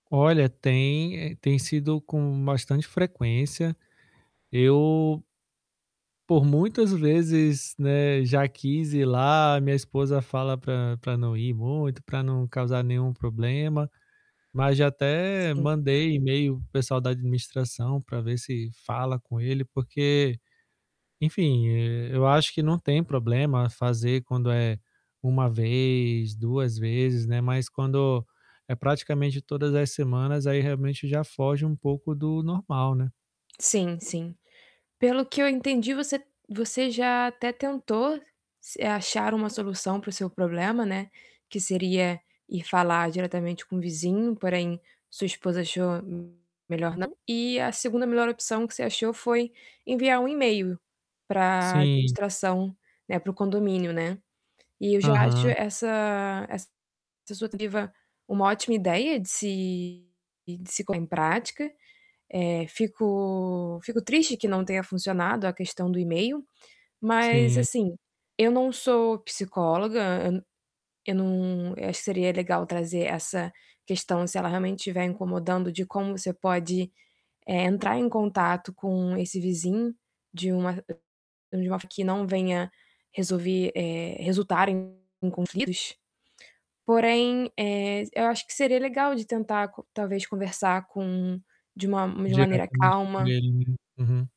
Olha, tem tem sido com bastante frequência. Eu por muitas vezes, né, já quis ir lá. Minha esposa fala para para não ir muito, pra não causar nenhum problema, mas já até Sim. mandei e-mail para o pessoal da administração para ver se fala com ele, porque, enfim, eh, eu acho que não tem problema fazer quando é 1 vez, 2 vezes, né. Mas quando é praticamente todas as semanas, aí realmente já foge um pouco do normal, né. Sim, sim. Pelo que eu entendi, você você já até tentou se eh, achar uma solução para o seu problema, né, que seria ir falar diretamente com o vizinho, porém sua esposa achou me melhor não. E a 2ª melhor opção que você achou foi enviar um e-mail para Sim. administração, né, para o condomínio, né. E eu já acho Aham. essa essa sua tentativa uma ótima ideia de se de se pôr em prática. Eh, fico fico triste que não tenha funcionado a questão do e-mail, mas, Sim. assim, eu não sou psicóloga, eu não eu acho que seria legal trazer essa questão, se ela realmente tiver incomodando, de como você pode, eh, entrar em contato com esse vizinho de uma de uma forma que não venha resolver eh, resultar em em conflitos. Porém, eh, eu acho que seria legal de tentar co talvez conversar com de uma de uma maneira Diretamente com calma. ele, né. Uhum.